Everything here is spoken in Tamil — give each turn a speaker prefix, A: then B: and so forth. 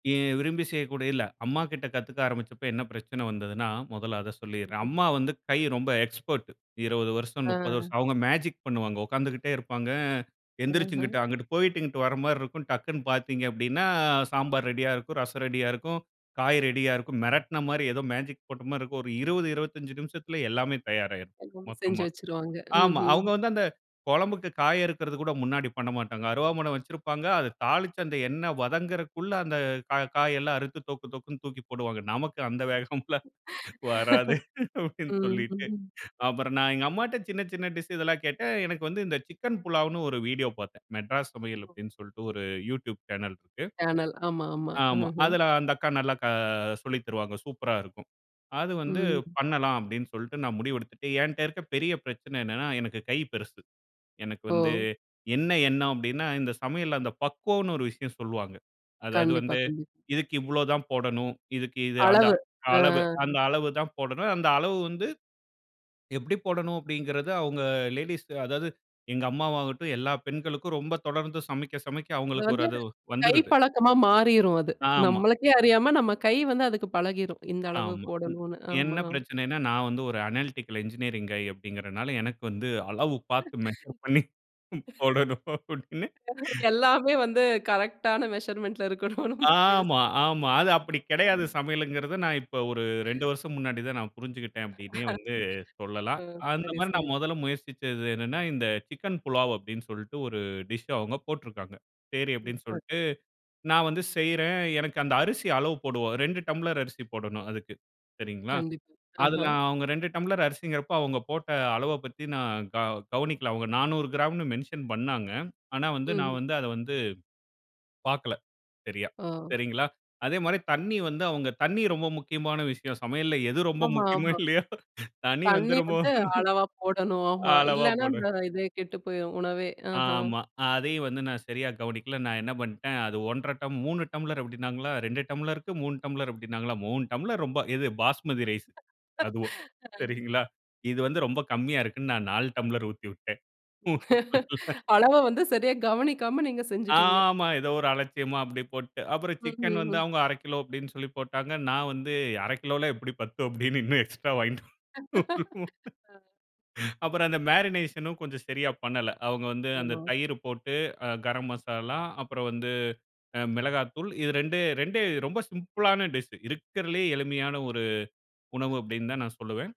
A: ஏன் விரும்பி செய்யக்கூடியது இல்ல அம்மாக்கிட்ட கத்துக்க ஆரம்பிச்சப்ப என்ன பிரச்சன வந்ததுன்னா, மொதல்ல அத சொல்லிர்றேன்.
B: [unintelligible]
A: அம்மா வந்து கை ரொம்ப எக்ஸ்பர்ட்டு 20 வருஷம்,
B: அ,
A: 30
B: அ.
A: வருஷம். அவுங்க மேஜிக் பண்ணுவாங்க. உட்கார்ந்துகிட்டே இருப்பாங்க, எந்திரிச்சு
B: ம்ஹ்ம்.
A: இங்குட்டு, அங்குட்டு போயிட்டு இங்குட்டு வர்றமாரி இருக்கும். டக்குன்னு பார்த்தீங்க அப்பிடீன்னா சாம்பார் ரெடியா இருக்கும், ரசம் ரெடியா இருக்கும், காய் ரெடியா இருக்கும். மெரட்ன மாரி, ஏதோ மேஜிக் போட்டமாரி இருக்கும். ஒரு 0:20, 0:25 நிமிஷத்தில எல்லாமே தயாராயிரும்.
B: எல்லாமே செஞ்சு
A: மொத்தமா.
B: வச்சுருவாங்க.
A: ஆமா,
B: ம்ஹ்ம்.
A: அவுங்க வந்து அந்த கொழம்புக்கு காய் அறுக்குறதுகூட முன்னாடி பண்ணமாட்டாங்க. அருவாமன வச்சுருப்பாங்க. அத தாளிச்சு அந்த எண்ண வதங்குறக்குள்ள அந்த கா காயெல்லாம் அறுத்து, தொக்கு, தொக்குன்னு தூக்கி போடுவாங்க. நமக்கு அந்த வேகம்ல்லாம் வராது அப்பிடீன்னு
B: ம்ஹ்ம்,
A: சொல்லிட்டு
B: ம்.
A: அப்புறம் நான் எங்க அம்மாட்ட சின்ன, சின்ன டிஷ் இதெல்லாம் கேட்டேன். எனக்கு வந்து இந்த சிக்கன் புலாவ்ன்னு ஒரு வீடியோ பார்த்தேன். "மெட்ராஸ் சமையல்" அப்பிடீன்னு சொல்ட்டு ஒரு யூட்யூப் சேனல் இருக்கு.
B: சேனல். ஆமா, ஆமா.
A: ஆமா.
B: ம்ஹ்ம்.
A: அதுல அந்த அக்கா நல்லா க சொல்லி தருவாங்க. சூப்பரா இருக்கும். அது வந்து
B: ம்.
A: பண்ணலாம். அப்பிடீன்னு சொல்ட்டு நான் முடிவெடுத்துட்டு, என்ட்ட இருக்க பெரிய பிரச்சனை என்னன்னா, எனக்கு கை பெருசு. எனக்கு வந்து
B: ஓ!
A: என்ன எண்ணம் அப்பிடீன்னா, இந்த சமையல்ல அந்த பக்குவம்ன்னு ஒரு விஷயம் சொல்லுவாங்க. அதாவது
B: கண்டிப்பா,
A: வந்து,
B: கண்டிப்பா.
A: இதுக்கு இவ்ளோதான் போடணும், இதுக்கு இது, அந்த
B: அளவு.
A: அளவு,
B: அ.
A: அந்த அளவு தான் போடணும், அந்த அளவு வந்து, எப்படி போடணும்? அப்பிடீங்கறது அவுங்க லேடீஸ், அதாவது எங்க அம்மாவாகட்டும், எல்லா பெண்களுக்கும் ரொம்ப தொடர்ந்து சமைக்க, சமைக்க
B: [unintelligible]
A: அவுங்களுக்கு ஒரு
B: வந்து
A: அது
B: கை
A: வந்துருது.
B: பழக்கமா மாறிரும் அது.
A: ஆமா.
B: நம்மளுக்கே அறியாம நம்ம கை வந்து அதுக்கு பழகிரும். இந்த அளவு
A: ஆமா.
B: போடணுன்னு. ஆமா.
A: என்ன பிரச்சனைன்னா, நான் வந்து ஒரு அனேலிட்டிக்கல் என்ஜினியரிங் கய் அப்பிடீங்கிறனால எனக்கு வந்து, அளவு பார்த்து மெஷர் பண்ணி போடணும். அப்பிடீன்னு
B: எல்லாமே வந்து கரெக்டான மெஷர்மென்ட்ல இருக்கணும்ன்னு பேசு
A: ஆமா, ஆமா. அத அப்பிடி கெடையாது.
B: அ.
A: சமையலுங்கிறது, நான் இப்ப ஒரு 2 வருஷம் முன்னாடி தான் நான் புரிஞ்சுக்கிட்டேன், அப்பிடீன்னே வந்து சொல்லலாம்.
B: அ சரி,
A: அந்தமாரி
B: சரி.
A: நான் மொதல்ல முயற்சிச்சது என்னன்னா, இந்த சிக்கன் புலாவ் அப்பிடீன்னு சொல்ட்டு ஒரு டிஷ் அவுங்க போட்ருக்காங்க. சரி அப்பிடீன்னு
B: [unintelligible]
A: சொல்ட்டு, நான் வந்து செய்றேன். எனக்கு அந்த அரிசி அளவு போடுவோம். 2 டம்ளர் அரிசி போடணும். அதுக்கு, சரிங்களா!
B: கண்டிப்
A: அதுல
B: ஆஹா.
A: அவங்க 2 டம்ளர் அரிசிங்கிறப்ப அவுங்க போட்ட அளவ பத்தி நான் க கவனிக்கல. அவுங்க 400 கிராம்ன்னு மென்ஷன் பண்ணாங்க. ஆனா வந்து நான்
B: ம்ஹ்ம்.
A: வந்து, அத வந்து பார்க்கல சரியா.
B: ஓ!
A: சரிங்களா! அதேமாரி தண்ணீ வந்து அவுங்க, தண்ணீ ரொம்ப முக்கியமான விஷயம். சமையல்ல எது ரொம்ப
B: ஆமா,
A: முக்கியமோ!
B: ஆமா.
A: இல்லையோ! தண்ணீ வந்து
B: தண்ணீ
A: ரொம்ப,
B: வந்து அளவா போடணும். ஆமா,
A: அளவா
B: இல்லன்னா
A: போட
B: அந்த இதே கெட்டு போயிரும், உணவே. ஆஹா.
A: ஆமா. அதையும் வந்து நான் சரியா கவனிக்கல. நான் என்ன பண்ணிட்டேன், அது 1 1/2 டம் 3 டம்ளர் அப்பிடீன்னாங்களா! 2 டம்ளர்க்கு 3 டம்ப்ளர் அப்பிடீன்னாங்களா! 3 டம்ளர் ரொம்ப, எது பாஸ்மதி ரைஸ் அதுவும், சரிங்களா! இது வந்து ரொம்ப கம்மியா இருக்குன்னு, நான் 4 டம்பளர் ஊத்திவிட்டேன்
B: அளவ வந்து சரியா கவனிக்காம, நீங்க செஞ்சுட்டீங்க.
A: ஆமா ஏதோ ஒரு அலட்சியமா அப்பிடியே போட்டு. அப்பறம்
B: ம்.
A: சிக்கன்
B: ம்.
A: வந்து
B: ம்.
A: அவங்க 1/2 கிலோ அப்பிடீன்னு சொல்லி போட்டாங்க. நான் வந்து '1/2 கிலோவல்லாம் எப்பிடி பத்தும்?' அப்பிடீன்னு இன்னும் எக்ஸ்ட்ரா வாங்கிட்டு
B: அ.
A: [unintelligible] அப்பறம் அந்த மேரினேஷன் ம் கொஞ்சம் சரியா பண்ணல. அவுங்க வந்து அந்த
B: ஆமா.
A: தயிர் போட்டு, அ கரம் மசாலா, அப்பறம் வந்து அ மிளகாய்த்தூள். இது 2. 2 ரொம்ப சிம்பிளான டிஷ். இருக்கிறதுலே எளிமையான ஒரு உணவு அப்பிடீன்னு தான் நான் சொல்லுவேன்.